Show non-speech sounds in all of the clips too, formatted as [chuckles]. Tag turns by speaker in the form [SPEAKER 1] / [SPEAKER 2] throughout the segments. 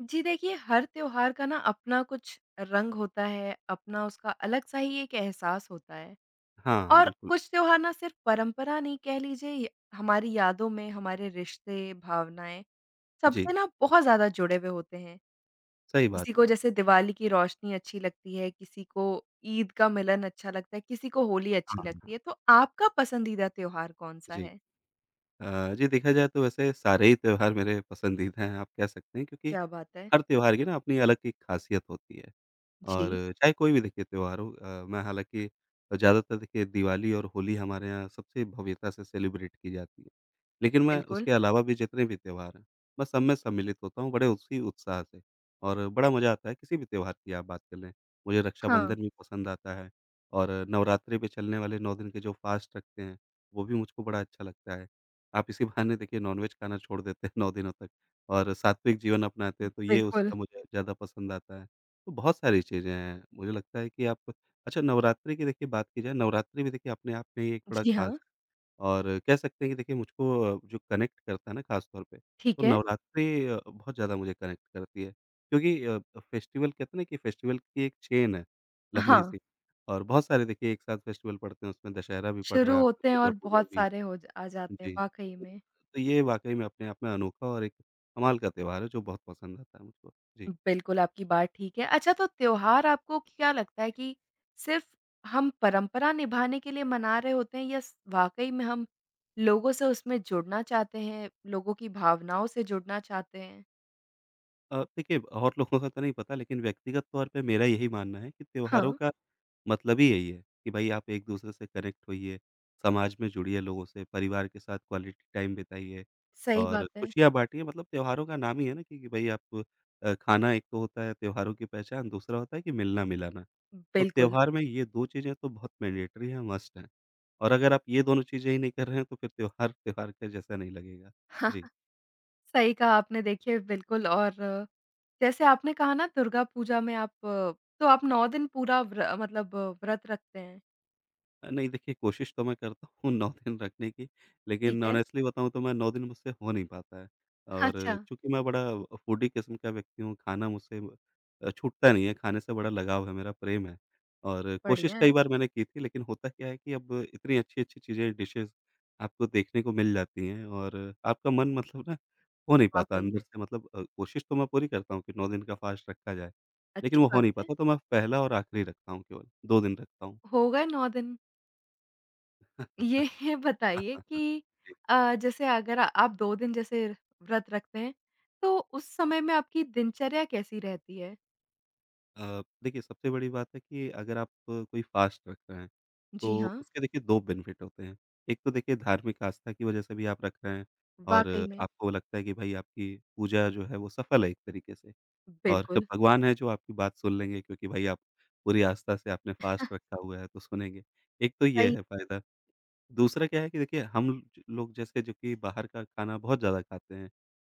[SPEAKER 1] जी देखिए हर त्योहार का ना अपना कुछ रंग होता है अपना उसका अलग-सा ही एक एहसास होता है।
[SPEAKER 2] हाँ,
[SPEAKER 1] और
[SPEAKER 2] बिल्कुल।
[SPEAKER 1] कुछ त्योहार ना सिर्फ़ परंपरा नहीं कह लीजिए य हमारी यादों में हमारे रिश्ते, भावनाएँ,
[SPEAKER 2] जी।
[SPEAKER 1] सबसे ना बहुत ज़्यादा जुड़े हुए होते हैं।
[SPEAKER 2] सही बात
[SPEAKER 1] किसी को
[SPEAKER 2] है।
[SPEAKER 1] जैसे दिवाली की रोशनी अच्छी लगती है, किसी को ईद का मिलन अच्छा लगता है, किसी को होली अच्छी
[SPEAKER 2] हाँ।
[SPEAKER 1] लगती है, तो आपका पसंदीदा त्योहार कौन-सा
[SPEAKER 2] जी।
[SPEAKER 1] है?
[SPEAKER 2] अ, जी देखा जाए तो वैसे सारे ही त्योहार मेरे पसंदीदा हैं आप कह सकते हैं क्योंकि,
[SPEAKER 1] क्या बात है।
[SPEAKER 2] हर त्योहार की ना अपनी अलग एक खासियत होती है। और
[SPEAKER 1] जी।
[SPEAKER 2] चाहे कोई भी देखिए त्योहार हो अ, मैं हालाँकि ज़्यादातर देखिए दिवाली और होली हमारे यहाँ सबसे भव्यता से सेलिब्रेट की जाती है। लेकिन मैं
[SPEAKER 1] बिल्कुल।
[SPEAKER 2] उसके अलावा भी जितने भी त्योहार हैं, मैं सब में सम्मिलित होता हूँ बड़े उसी उत्साह से और बड़ा मज़ा आता है किसी भी त्योहार की आप बात कर लें। मुझे
[SPEAKER 1] हाँ।
[SPEAKER 2] रक्षाबंधन भी पसंद आता है और नवरात्रि पे चलने वाले 9 दिन के जो फ़ास्ट रखते हैं, वो भी मुझको बड़ा अच्छा लगता है, आप इसी बहाने देखिए नॉन-वेज़ खाना छोड़ देते हैं 9 दिनों तक और सात्विक जीवन अपनाते हैं तो ये
[SPEAKER 1] बिल्कुल।
[SPEAKER 2] उसका मुझे ज़्यादा पसंद आता है, तो बहुत सारी चीज़ें हैं। मुझे लगता है कि आप अच्छा नवरात्रि की देखिए बात की जाए नवरात्रि भी देखिए अपने आप में ही एक बड़ा
[SPEAKER 1] जी हाँ।
[SPEAKER 2] ख़ास और कह सकते हैं कि देखिए मुझको अ, जो कनेक्ट करता है ना खास तौर पे,
[SPEAKER 1] ठीक
[SPEAKER 2] तो
[SPEAKER 1] है।
[SPEAKER 2] नवरात्रि अ, बहुत ज़्यादा मुझे कनेक्ट करती है। क्योंकि अ फेस्टिवल कहते हैं ना कि फेस्टिवल की एक चेन है, लम्बी
[SPEAKER 1] हाँ।
[SPEAKER 2] सी और बहुत सारे देखिए एक साथ फेस्टिवल पड़ते हैं उसमें दशहरा भी पड़ रहा
[SPEAKER 1] शुरू
[SPEAKER 2] है आपका
[SPEAKER 1] होते हैं
[SPEAKER 2] दुर्गा
[SPEAKER 1] और
[SPEAKER 2] पूजा
[SPEAKER 1] बहुत
[SPEAKER 2] भी
[SPEAKER 1] सारे हो जा आ
[SPEAKER 2] है।
[SPEAKER 1] जाते हैं
[SPEAKER 2] जी।
[SPEAKER 1] वाक़ई में।
[SPEAKER 2] तो ये वाक़ई में अपने आप में अनोखा और एक कमाल का त्योहार है जो बहुत पसंद आता है मुझको। जी।
[SPEAKER 1] बिल्कुल आपकी बात ठीक है। अच्छा तो त्योहार आपको क्या लगता है कि, सिर्फ़ हम परंपरा निभाने के लिए मना रहे होते हैं या स वाक़ई में हम लोगों से उसमें जुड़ना चाहते हैं, लोगों की भावनाओं से जुड़ना चाहते हैं?
[SPEAKER 2] अ, देखिए और लोगों का तो नहीं पता लेकिन व्यक्तिगत तौर पे मेरा यही मानना है कि त्योहारों
[SPEAKER 1] हाँ।
[SPEAKER 2] का मतलब ही यही है कि भाई आप एक-दूसरे से कनेक्ट होइए, समाज में जुड़िए लोगों से, परिवार के साथ क्वालिटी टाइम बिताइए
[SPEAKER 1] सही
[SPEAKER 2] और
[SPEAKER 1] बात है।
[SPEAKER 2] खुशियाँ बाँटिए मतलब त्योहारों का नाम ही है ना क्योंकि भई आप अ, खाना एक तो होता है त्योहारों की पहचान, दूसरा होता है कि मिलना-मिलाना।
[SPEAKER 1] उम
[SPEAKER 2] तो
[SPEAKER 1] बिल्कुल।
[SPEAKER 2] त्योहार में ये 2 चीज़ें तो बहुत मैंडेटरी हैं, मस्ट हैं। और अगर आप ये दोनों चीज़ें ही नहीं कर रहे हैं तो फ़िर त्योहार, त्योहार का जैसा नहीं लगेगा। जी।
[SPEAKER 1] [chuckles] सही कहा आपने देखिए बिल्कुल और जैसे आपने कहा ना दुर्गा पूजा में आप तो आप 9 दिन पूरा व्र अ मतलब व्रत रखते हैं?
[SPEAKER 2] अ नहीं, देखिए कोशिश तो मैं करता हूँ 9 दिन रखने की
[SPEAKER 1] ठीक
[SPEAKER 2] लेकिन
[SPEAKER 1] है।
[SPEAKER 2] ऑनेस्टली बताऊँ तो मैं 9 दिन मुझसे हो नहीं पाता है। और
[SPEAKER 1] अच्छा।
[SPEAKER 2] चूँकि मैं बड़ा फूडी किस्म का व्यक्ति हूँ खाना मुझसे अ, छूटता नहीं है, खाने से बड़ा लगाव है, मेरा प्रेम है। और
[SPEAKER 1] बढ़िया
[SPEAKER 2] कोशिश कई
[SPEAKER 1] है।
[SPEAKER 2] बार मैंने की थी लेकिन होता क्या है कि अब इतनी अच्छी-अच्छी चीज़ें डिशेज़ आपको देखने को मिल जाती हैं। और आपका मन मतलब ना हो नहीं पाता
[SPEAKER 1] वाक़ई।
[SPEAKER 2] अंदर से मतलब अ, कोशिश तो मैं पूरी करता हूँ कि 9 दिन का फास्ट रखा जाए। लेकिन
[SPEAKER 1] अच्छी
[SPEAKER 2] वो हो
[SPEAKER 1] बात
[SPEAKER 2] नहीं
[SPEAKER 1] है।
[SPEAKER 2] पाता तो मैं पहला और आखिरी रखता हूँ केवल, 2 दिन रखता हूँ।
[SPEAKER 1] होगए 9 दिन? ये बताइए कि
[SPEAKER 2] [chuckles]
[SPEAKER 1] अ, जैसे अगर आप 2 दिन जैसे व्रत रखते हैं, तो उस समय में आपकी दिनचर्या कैसी रहती है?
[SPEAKER 2] अ, देखिए सबसे बड़ी बात है कि अगर आप अ, कोई फ़ास्ट रख रहे हैं,
[SPEAKER 1] जी,
[SPEAKER 2] तो
[SPEAKER 1] हाँ।
[SPEAKER 2] उसके देखिए 2 बेनिफिट होते हैं, एक तो देखिए धार्मिक आस्था की वजह से भी आप रख रहे हैं। और
[SPEAKER 1] वाक़ई में।
[SPEAKER 2] आपको लगता है कि भाई आपकी पूजा जो है वो सफल है एक तरीके से। और क
[SPEAKER 1] बिल्कुल।
[SPEAKER 2] भगवान हैं जो आपकी बात सुन लेंगे, क्योंकि भाई आप पूरी आस्था से आपने फ़ास्ट
[SPEAKER 1] [chuckles]
[SPEAKER 2] रखा हुआ है, तो सुनेंगे, एक तो ये
[SPEAKER 1] सही
[SPEAKER 2] है फ़ायदा। दूसरा क्या है कि देखिए हम म लोग जैसे कि जो कि बाहर का खाना बहुत ज़्यादा खाते हैं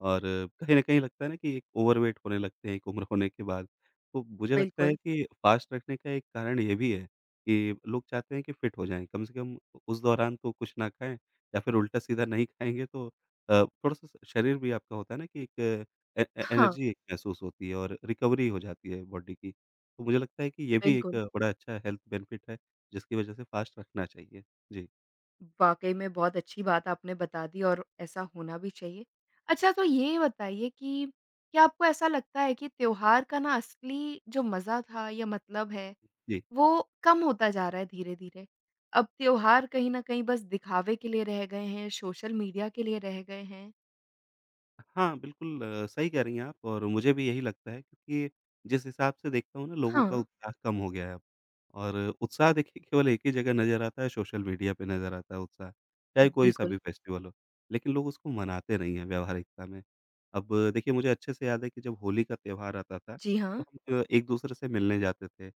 [SPEAKER 2] और कहीं न कहीं लगता है ना कि एक ओवरवेट होने लगते हैं, एक उम्र होने के बाद। तो मुझे लगता है
[SPEAKER 1] बिल्कुल।
[SPEAKER 2] कि फ़ास्ट रखने का एक कारण ये भी है, कि लोग चाहते हैं कि फिट हो जाएँ। कम से कम उस दौरान तो कुछ ना खाएँ या फिर उल्टा-सीधा नहीं खाएँगे तो अ, थोड़ा-सा शरीर भी आपका होता है ना कि एक ए
[SPEAKER 1] हाँ।
[SPEAKER 2] एनर्जी एक महसूस होती है और रिकवरी हो जाती है बॉडी की। तो मुझे लगता है कि ये भी
[SPEAKER 1] बिल्कुल।
[SPEAKER 2] एक बड़ा अच्छा हेल्थ बेनिफिट है, जिसकी वजह से फ़ास्ट रखना चाहिए। जी।
[SPEAKER 1] वाक़ई में बहुत अच्छी बात आपने बता दी और ऐसा होना भी चाहिए। अच्छा तो ये बताइए कि, क्या आपको ऐसा लगता है कि त्योहार का ना असली जो मज़ा था या मतलब है,
[SPEAKER 2] जी।
[SPEAKER 1] वो कम होता जा रहा है धीरे-धीरे? अब त्योहार कहीं न कहीं बस दिखावे के लिए रह गए हैं, सोशल मीडिया के लिए रह गए हैं?
[SPEAKER 2] हाँ, बिल्कुल सही कह रही हैं आप और मुझे भी यही लगता है कि, जिस हिसाब से देखता हूँ ना लोगों का
[SPEAKER 1] हाँ।
[SPEAKER 2] उत्साह कम हो गया है और उत्साह देखिए केवल 1 ही जगह नज़र आता है सोशल मीडिया पे नज़र आता है उत्साह। चाहे कोई सा
[SPEAKER 1] बिल्कुल।
[SPEAKER 2] भी फेस्टिवल हो, लेकिन लोग उसको मनाते नहीं है व्यवहारिकता में। अब देखिए मुझे अच्छे से याद है कि जब होली का त्योहार आता था,
[SPEAKER 1] जी,
[SPEAKER 2] तो
[SPEAKER 1] हाँ।
[SPEAKER 2] हम एक-दूसरे से मिलने जाते थे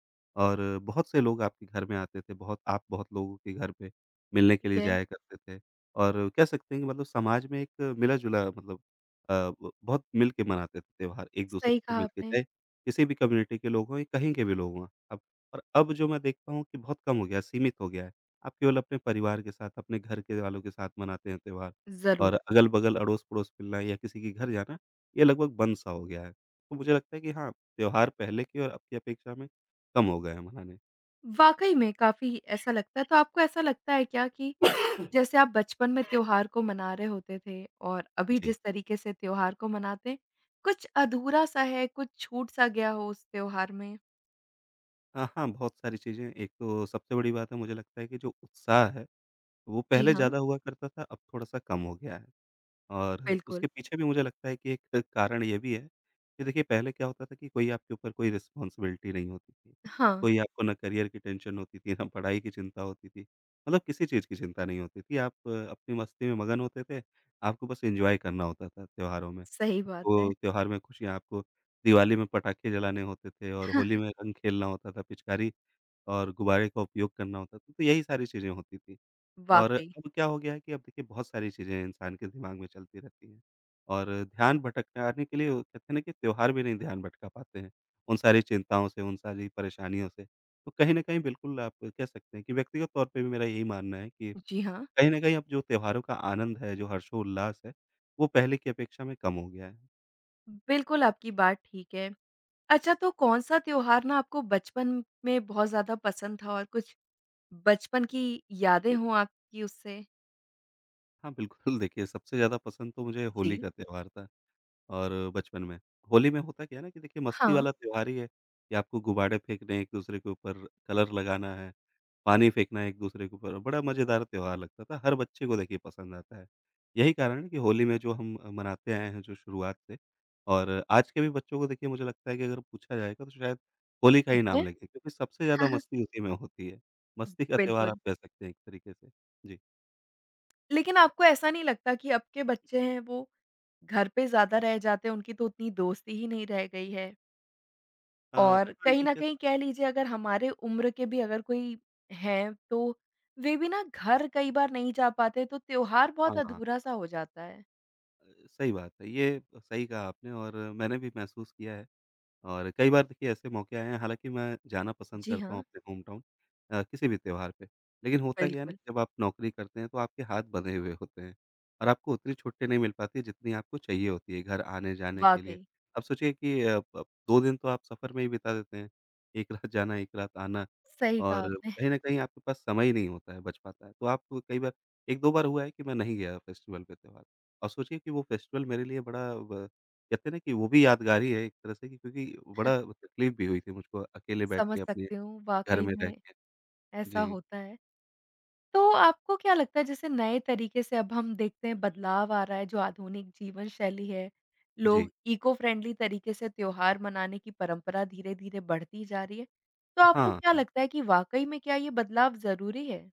[SPEAKER 2] और बहुत से लोग आपके घर में आते थे बहुत आप बहुत लोगों के घर पे, मिलने के
[SPEAKER 1] ठीक
[SPEAKER 2] लिए
[SPEAKER 1] है।
[SPEAKER 2] जाया करते थे और कह सकते हैं कि मतलब समाज में एक मिला-जुला मतलब अ, ब बहुत मिलके मनाते थे त्योहार एक-दूसरे
[SPEAKER 1] सही
[SPEAKER 2] से
[SPEAKER 1] कहा
[SPEAKER 2] मिलके
[SPEAKER 1] आपने।
[SPEAKER 2] चाहे किसी भी कम्युनिटी के लोग हों या कहीं के भी लोग वहाँ अब, और अब जो मैं देखता हूँ कि बहुत कम हो गया, सीमित हो गया है। आप केवल अपने परिवार के साथ, अपने घर के वालों के साथ मनाते हैं त्योहार और
[SPEAKER 1] ज़रूर।
[SPEAKER 2] अगल-बगल, अड़ोस-पड़ोस मिलना या किसी के घर जाना, ये लगभग बंद सा हो गया है। तो मुझे लगता है कि हाँ, त्योहार पहले की और अब की अपेक्षा में, कम हो गए हैं मनाने।
[SPEAKER 1] वाक़ई में काफ़ी ऐसा लगता है तो आपको ऐसा लगता है क्या कि, जैसे आप बचपन में
[SPEAKER 2] [coughs]
[SPEAKER 1] त्योहार को मना रहे होते थे और अभी
[SPEAKER 2] जी।
[SPEAKER 1] जिस तरीके से त्योहार को मनाते हैं, कुछ अधूरा-सा है, कुछ छूट-सा गया हो, उस त्योहार में?
[SPEAKER 2] हाँ, हाँ, बहुत सारी चीज़ें हैं एक तो सबसे बड़ी बात है मुझे लगता है कि जो उत्साह है, वो
[SPEAKER 1] जी,
[SPEAKER 2] पहले
[SPEAKER 1] हाँ।
[SPEAKER 2] ज़्यादा हुआ करता था, अब थोड़ा-सा कम हो गया है। और उसके
[SPEAKER 1] बिल्कुल।
[SPEAKER 2] पीछे भी मुझे लगता है कि एक कारण ये भी है कि देखिए पहले क्या होता था कि कोई आपके ऊपर कोई रिस्पॉन्सिबिलिटी नहीं होती थी।
[SPEAKER 1] हाँ।
[SPEAKER 2] कोई आपको ना करियर की टेंशन होती थी ना, पढ़ाई की चिंता होती थी। मतलब किसी चीज़ की चिंता नहीं होती थी आप अपनी मस्ती में मगन होते थे, आपको बस एन्जॉय करना होता था, त्योहारों में।
[SPEAKER 1] सही बात है।
[SPEAKER 2] आपको त्योहार में खुशियाँ है आपको दिवाली में पटाखे जलाने होते थे और होली
[SPEAKER 1] [chuckles]
[SPEAKER 2] में रंग खेलना होता था पिचकारी और गुब्बारे का उपयोग करना होता था, तो यही सारी चीज़ें होती थी और
[SPEAKER 1] वाक़ई।
[SPEAKER 2] अब क्या हो गया है कि अब देखिए बहुत सारी चीज़ें इंसान के दिमाग में चलती रहती हैं। और ध्यान भटकाने के लिए वो कहते हैं ना कि त्योहार भी नहीं ध्यान भटका पाते हैं, उन सारी चिंताओं से, उन सारी परेशानियों से। तो कहीं न कहीं बिल्कुल आप कह सकते हैं कि व्यक्तिगत तौर पे भी मेरा यही मानना है कि
[SPEAKER 1] जी, हाँ।
[SPEAKER 2] कहीं न कहीं अब जो त्योहारों का आनंद है, जो हर्षोल्लास है वो पहले की अपेक्षा में कम हो गया है।
[SPEAKER 1] उम बिल्कुल, आपकी बात ठीक है। अच्छा तो कौन-सा त्योहार ना आपको बचपन में बहुत ज़्यादा पसंद था और कुछ, बचपन की यादें हो आपकी उससे?
[SPEAKER 2] हाँ, बिल्कुल देखिए सबसे ज़्यादा पसंद तो मुझे होली
[SPEAKER 1] जी।
[SPEAKER 2] का त्योहार था। और बचपन में, होली में होता क्या है ना कि देखिए मस्ती
[SPEAKER 1] हाँ।
[SPEAKER 2] वाला त्योहार ही है, ये आपको गुबाडे फेंकने एक-दूसरे के ऊपर, कलर लगाना है, पानी फेंकना एक-दूसरे के ऊपर, बड़ा मज़ेदार त्योहार लगता था हर बच्चे को देखिए पसंद आता है। यही कारण है कि होली में जो हम अ, मनाते आए हैं जो शुरुआत से और आज के भी बच्चों को देखिए मुझे लगता है कि अगर पूछा जाएगा तो शायद होली का ही
[SPEAKER 1] ठीक है।
[SPEAKER 2] नाम लेंगे क्योंकि सबसे ज़्यादा
[SPEAKER 1] [chuckles]
[SPEAKER 2] मस्ती उसी में होती है, मस्ती का त्योहार आप
[SPEAKER 1] बिल्कुल।
[SPEAKER 2] कह सकते हैं एक तरीके से। जी।
[SPEAKER 1] लेकिन आपको ऐसा नहीं लगता कि अब के बच्चे हैं वो, घर पे ज़्यादा रह जाते हैं, उनकी तो उतनी दोस्ती ही नहीं रह गई है?
[SPEAKER 2] अ, हाँ,
[SPEAKER 1] और कहीं
[SPEAKER 2] ये
[SPEAKER 1] न
[SPEAKER 2] कह स
[SPEAKER 1] कहीं कह लीजिए अगर हमारे उम्र के भी अगर कोई हैं तो, वे भी ना घर कई बार नहीं जा पाते तो त्योहार बहुत
[SPEAKER 2] हाँ, हाँ।
[SPEAKER 1] अधूरा सा हो जाता है।
[SPEAKER 2] सही बात है, ये अ, सही कहा आपने और मैंने भी महसूस किया है। और कई बार देखिए ऐसे मौके आए हैं हालाँकि मैं जाना पसंद
[SPEAKER 1] जी
[SPEAKER 2] करता हूँ
[SPEAKER 1] हाँ।
[SPEAKER 2] अपने होम टाउन अ, किसी भी त्योहार पे, लेकिन होता क्या है ना,
[SPEAKER 1] बिल्कुल।
[SPEAKER 2] कि जब आप नौकरी करते हैं, तो आपके हाथ बँधे हुए होते हैं। और आपको उतनी छुट्टी नहीं मिल पाती जितनी आपको चाहिए होती है घर आने-जाने के लिए।
[SPEAKER 1] वाक़ई।
[SPEAKER 2] आप सोचिए कि अप अप 2 दिन तो आप सफ़र में ही बिता देते हैं, 1 रात जाना, 1 रात आना,
[SPEAKER 1] सही कहा
[SPEAKER 2] और
[SPEAKER 1] आपने।
[SPEAKER 2] कहीं न कहीं आपके पास समय नहीं होता है बच पाता है। तो आप कई बार 1-2 बार हुआ है कि मैं नहीं गया फेस्टिवल पे त्योहार अ, सोचिए कि वो फेस्टिवल मेरे लिए बड़ा व कहते हैं ना कि वो भी यादगार ही है एक तरह से कि क्योंकि
[SPEAKER 1] [chuckles]
[SPEAKER 2] बड़ा तकलीफ़ भी हुई थी मुझको अकेले बैठ के
[SPEAKER 1] समझ
[SPEAKER 2] अपने,
[SPEAKER 1] सकती हूँ
[SPEAKER 2] घर
[SPEAKER 1] वाक़ई
[SPEAKER 2] में रह
[SPEAKER 1] में,
[SPEAKER 2] के।
[SPEAKER 1] ऐसा
[SPEAKER 2] जी।
[SPEAKER 1] होता है। तो आपको क्या लगता है जैसे नए तरीके से अब हम देखते हैं बदलाव आ रहा है, जो आधुनिक जीवन शैली है,
[SPEAKER 2] जी।
[SPEAKER 1] लोग इको-फ्रेंडली तरीके से त्योहार मनाने की परंपरा धीरे-धीरे बढ़ती जा रही है, तो
[SPEAKER 2] अ
[SPEAKER 1] आपको
[SPEAKER 2] हाँ,
[SPEAKER 1] क्या
[SPEAKER 2] हाँ।
[SPEAKER 1] लगता है कि वाक़ई में क्या ये बदलाव ज़रूरी है?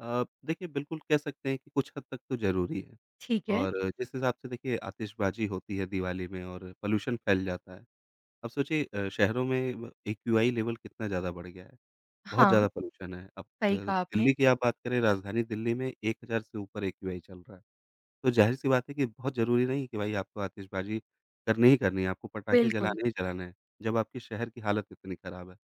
[SPEAKER 2] अ, देखिए बिल्कुल कह सकते हैं कि कुछ हद तक तो ज़रूरी है।
[SPEAKER 1] ठीक है।
[SPEAKER 2] और जिस हिसाब से देखिए आतिशबाज़ी होती है दिवाली में और पॉल्यूशन फैल जाता है। अब सोचिए अ, शहरों में ब एक्यूआई लेवल कितना ज़्यादा बढ़ गया है, बहुत ज़्यादा
[SPEAKER 1] हाँ।
[SPEAKER 2] पॉल्यूशन है। अब के
[SPEAKER 1] सही
[SPEAKER 2] अ,
[SPEAKER 1] कहा
[SPEAKER 2] दिल्ली
[SPEAKER 1] आपने।
[SPEAKER 2] की आप बात करें राजधानी दिल्ली में 1000 से ऊपर एक्यूआई चल रहा है। तो ज़ाहिर-सी बात है कि बहुत ज़रूरी नहीं कि भाई आपको आतिशबाजी करनी ही करनी है, आपको पटाखे
[SPEAKER 1] बिल्कुल।
[SPEAKER 2] जलाने ही जलाने हैं, जब आपके शहर की हालत इतनी खराब है।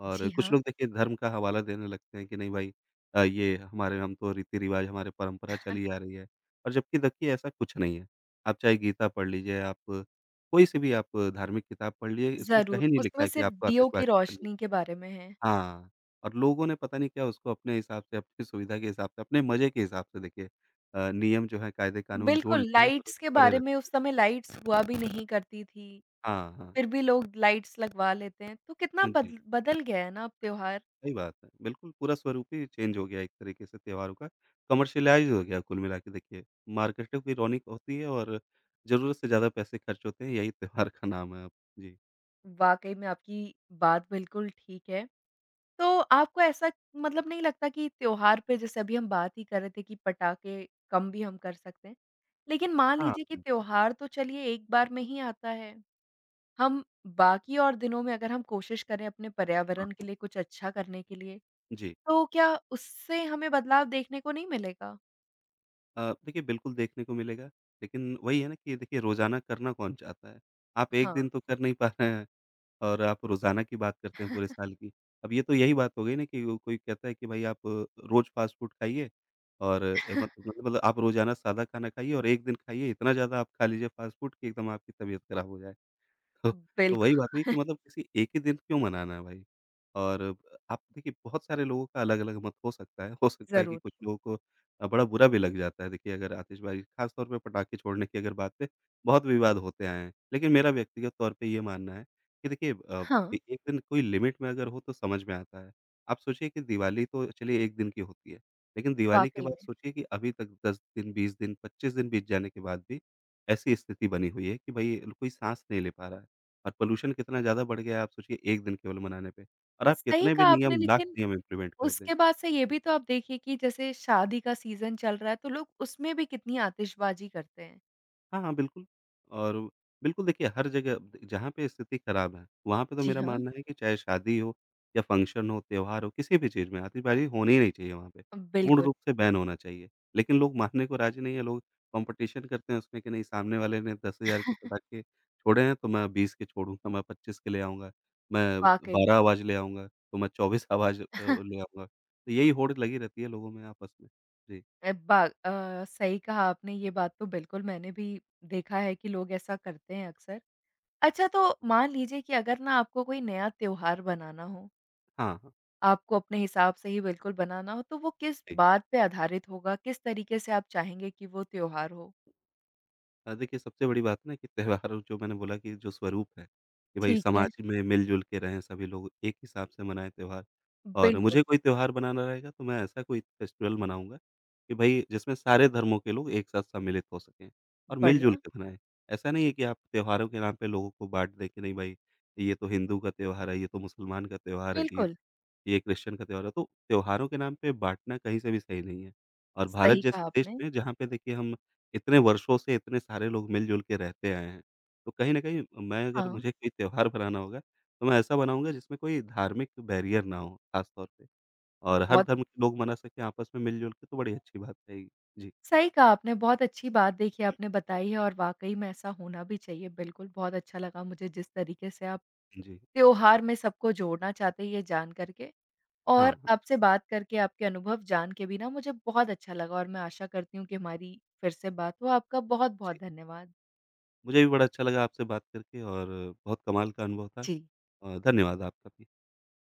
[SPEAKER 2] और
[SPEAKER 1] जी
[SPEAKER 2] कुछ लोग
[SPEAKER 1] हाँ।
[SPEAKER 2] देखिए धर्म का हवाला देने लगते हैं कि नहीं भाई अ, ये हमारे हम तो रीति-रिवाज़, हमारे परंपरा
[SPEAKER 1] [chuckles]
[SPEAKER 2] चली आ रही है और जबकि देखिए ऐसा कुछ नहीं है। आप चाहे गीता पढ़ लीजिए आप, कोई-सी भी आप धार्मिक किताब पढ़ लीजिए, इसमें
[SPEAKER 1] ज़रूर,
[SPEAKER 2] कहीं नहीं लिखा
[SPEAKER 1] उसमें
[SPEAKER 2] है कि
[SPEAKER 1] सिर्फ
[SPEAKER 2] आपको
[SPEAKER 1] दीयों की
[SPEAKER 2] आतिशबाज़ी करनी।
[SPEAKER 1] रोशनी के बारे में है।
[SPEAKER 2] हाँ, और लोगों ने पता नहीं क्या उसको अपने हिसाब से, अपनी सुविधा के हिसाब से, अपने मज़े के हिसाब से देखिए अ, नियम जो हैं, कायदे-कानून जोड़
[SPEAKER 1] बिल्कुल,
[SPEAKER 2] लिए हैं और उस
[SPEAKER 1] लाइट्स के
[SPEAKER 2] पे अड़े
[SPEAKER 1] बारे
[SPEAKER 2] रहें।
[SPEAKER 1] में उस समय लाइट्स हुआ भी नहीं करती थी।
[SPEAKER 2] हाँ, हाँ।
[SPEAKER 1] फिर भी लोग लाइट्स लगवा लेते हैं, तो कितना
[SPEAKER 2] हाँ जी।
[SPEAKER 1] बदल बदल गया है ना अब त्योहार।
[SPEAKER 2] सही बात है। बिल्कुल, पूरा स्वरूप ही चेंज हो गया है एक तरीके से त्योहारों का, कमर्शियलाइज़ हो गया है कुल मिलाके देखिए। मार्केटों की रोनिक होती है और ज़रूरत से ज़्यादा पैसे खर्च होते हैं, यही त्योहार का नाम है अब। जी।
[SPEAKER 1] वाक़ई में आपकी बात बिल्कुल ठीक है। तो आपको ऐसा, मतलब नहीं लगता कि त्योहार पे जैसे अभी हम बात ही कर रहे थे कि पटाखे कम भी हम कर सकते हैं, लेकिन मान
[SPEAKER 2] हाँ
[SPEAKER 1] लीजिए कि
[SPEAKER 2] बिल्कुल।
[SPEAKER 1] त्योहार तो चलिए एक बार में ही आता है। हम बाकी और दिनों में अगर हम कोशिश करें अपने पर्यावरण के लिए कुछ अच्छा करने के लिए,
[SPEAKER 2] जी।
[SPEAKER 1] तो क्या उससे हमें बदलाव देखने को नहीं मिलेगा?
[SPEAKER 2] अ, देखिए बिल्कुल देखने को मिलेगा लेकिन वही है ना कि देखिए रोज़ाना करना कौन चाहता है, आप एक दिन
[SPEAKER 1] हाँ।
[SPEAKER 2] तो कर नहीं पा रहे हैं और आप रोज़ाना की बात करते हैं पूरे
[SPEAKER 1] [chuckles]
[SPEAKER 2] साल की, अब ये तो यही बात हो गई ना कि कोई कहता है कि भाई आप रोज़ फ़ास्ट फ़ूड खाइए और ए मत
[SPEAKER 1] [chuckles]
[SPEAKER 2] मतलब आप रोज़ाना सादा खाना खाइए और एक दिन खाइए इतना ज़्यादा आप खा लीजिए फ़ास्ट फ़ूड कि एकदम आपकी तबीयत खराब हो जाए। ह
[SPEAKER 1] उम
[SPEAKER 2] तो
[SPEAKER 1] बिल्क
[SPEAKER 2] वही बात नहीं कि
[SPEAKER 1] [chuckles]
[SPEAKER 2] मतलब किसी एक ही दिन क्यों मनाना है भाई? और आप देखिए बहुत सारे लोगों का अलग-अलग मत हो सकता है, हो सकता है कि
[SPEAKER 1] ज़रूर।
[SPEAKER 2] कुछ लोग को बड़ा बुरा भी लग जाता है देखिए अगर आतिशबाजी खास तौर पे पटाखे छोड़ने की अगर बात है बहुत विवाद होते आए हैं, लेकिन मेरा व्यक्तिगत तौर पे ये मानना है कि देखिए अब
[SPEAKER 1] हाँ।
[SPEAKER 2] एक दिन कोई लिमिट में अगर हो तो समझ में आता है। आप सोचिए कि दिवाली तो चलिए 1 दिन की होती है लेकिन दिवाली के
[SPEAKER 1] वाक़ई
[SPEAKER 2] बाद
[SPEAKER 1] में।
[SPEAKER 2] सोचिए कि अभी तक 10 दिन, 20 दिन, 25 दिन बीत जाने के बाद भी, ऐसी स्थिति बनी हुई है कि भई अ, कोई साँस नहीं ले पा रहा है। और पॉल्यूशन कितना ज़्यादा बढ़ गया है आप सोचिए 1 दिन केवल मनाने पे और आप
[SPEAKER 1] सही
[SPEAKER 2] कितने भी
[SPEAKER 1] कहा आपने
[SPEAKER 2] नियम, लाख
[SPEAKER 1] लेकिन,
[SPEAKER 2] नियम इंप्लीमेंट कर दें।
[SPEAKER 1] उसके बाद से ये भी तो आप देखिए कि जैसे शादी का सीज़न चल रहा है तो लोग उसमें भी कितनी आतिशबाज़ी करते हैं।
[SPEAKER 2] हाँ, हाँ, बिल्कुल और बिल्कुल देखिए हर जगह अ, जहाँ पे स्थिति ख़राब है वहाँ पे तो
[SPEAKER 1] जी
[SPEAKER 2] मेरा
[SPEAKER 1] हाँ।
[SPEAKER 2] मानना है कि चाहे शादी हो, या फंक्शन हो या त्यौहार हो किसी भी चीज़ में आतिशबाज़ी होनी नहीं चाहिए वहाँ पे,
[SPEAKER 1] अ,
[SPEAKER 2] पूर्ण
[SPEAKER 1] बिल्कुल।
[SPEAKER 2] रूप से बैन होना चाहिए। लेक़िन लोग मानने को राज़ी नहीं हैं लोग कॉम्पिटिशन करते हैं उसमें कि नहीं सामने वाले ने 10,000 के
[SPEAKER 1] [chuckles]
[SPEAKER 2] पटाखे के छोड़े हैं तो मैं 20 के छोड़ूँ तो मैं 25 के लिए आऊँगा, मैं
[SPEAKER 1] वाक़ई।
[SPEAKER 2] 12 आवाज़ ले आऊँगा तो मैं 24 आवाज़ अ अ,
[SPEAKER 1] [chuckles]
[SPEAKER 2] ले आऊँगा। तो यही होड़ लगी रहती है लोगों में आपस में। जी।
[SPEAKER 1] अ, बा अ, सही कहा आपने ये बात तो बिल्कुल मैंने भी देखा है कि लोग ऐसा करते हैं अक्सर। अच्छा तो मान लीजिए कि अगर ना आपको कोई नया त्यौहार बनाना हो
[SPEAKER 2] हाँ।
[SPEAKER 1] आपको अपने हिसाब से ही बिल्कुल बनाना हो तो वो किस बात पे आधारित होगा? किस तरीक़े से आप चाहेंगे कि वो त्यौहार हो?
[SPEAKER 2] हाँ, देखिए सबसे बड़ी बात ना कि त्यौहार जो मैंने बोला कि जो स्वरूप है, ये भाई
[SPEAKER 1] ठीक है।
[SPEAKER 2] समाज में मिल-जुल के रहे हैं सभी लोग एक हिसाब से मनाए त्यौहार। और
[SPEAKER 1] बिल्कुल।
[SPEAKER 2] मुझे कोई त्यौहार बनाना रहेगा तो मैं ऐसा कोई फेस्टिवल मनाऊँगा, कि भई जिसमें सारे धर्मों के लोग एक साथ सम्मिलित हो सकें और मिल-जुल
[SPEAKER 1] बढ़िया।
[SPEAKER 2] के मनाएँ। ऐसा नहीं है कि आप त्यौहारों के नाम पे लोगों को बाँट दें कि नहीं भई, ये तो हिंदू का त्यौहार है, ये तो मुसलमान का त्यौहार है ईद,
[SPEAKER 1] बिल्कुल।
[SPEAKER 2] ये क्रिश्चियन का त्यौहार है तो, त्यौहारों के नाम पे बाँटना कहीं से भी सही नहीं है और भारत
[SPEAKER 1] सही
[SPEAKER 2] जैसे
[SPEAKER 1] कहा
[SPEAKER 2] देश
[SPEAKER 1] आपने।
[SPEAKER 2] में जहाँ पे देखिए हम इतने वर्षों से इतने सारे लोग मिल-जुल के रहते आए हैं, तो कहीं न कहीं मैं अगर
[SPEAKER 1] हाँ।
[SPEAKER 2] मुझे कोई त्यौहार बनाना होगा, तो मैं ऐसा बनाऊँगा जिसमें कोई धार्मिक तो बैरियर ना हो ख़ास तौर पे और हर
[SPEAKER 1] बहुत
[SPEAKER 2] धर्म के लोग मना सके आपस में मिल-जुल के तो बड़ी अच्छी बात है। जी।
[SPEAKER 1] सही कहा आपने, बहुत अच्छी बात देखिए आपने बताई है और वाक़ई में ऐसा होना भी चाहिए बिल्कुल, बहुत अच्छा लगा मुझे जिस तरीके से आप
[SPEAKER 2] जी।
[SPEAKER 1] त्यौहार में सबको जोड़ना चाहते हैं ये जान कर के। और
[SPEAKER 2] हाँ।
[SPEAKER 1] आपसे बात करके, आपके अनुभव जान के भी ना मुझे बहुत अच्छा लगा और मैं आशा करती हूँ कि हमारी फ़िर से बात हो। आपका बहुत-बहुत
[SPEAKER 2] जी।
[SPEAKER 1] धन्यवाद।
[SPEAKER 2] मुझे भी बड़ा अच्छा लगा आपसे बात करके और बहुत कमाल का अनुभव था।
[SPEAKER 1] जी।
[SPEAKER 2] अ, धन्यवाद आपका भी।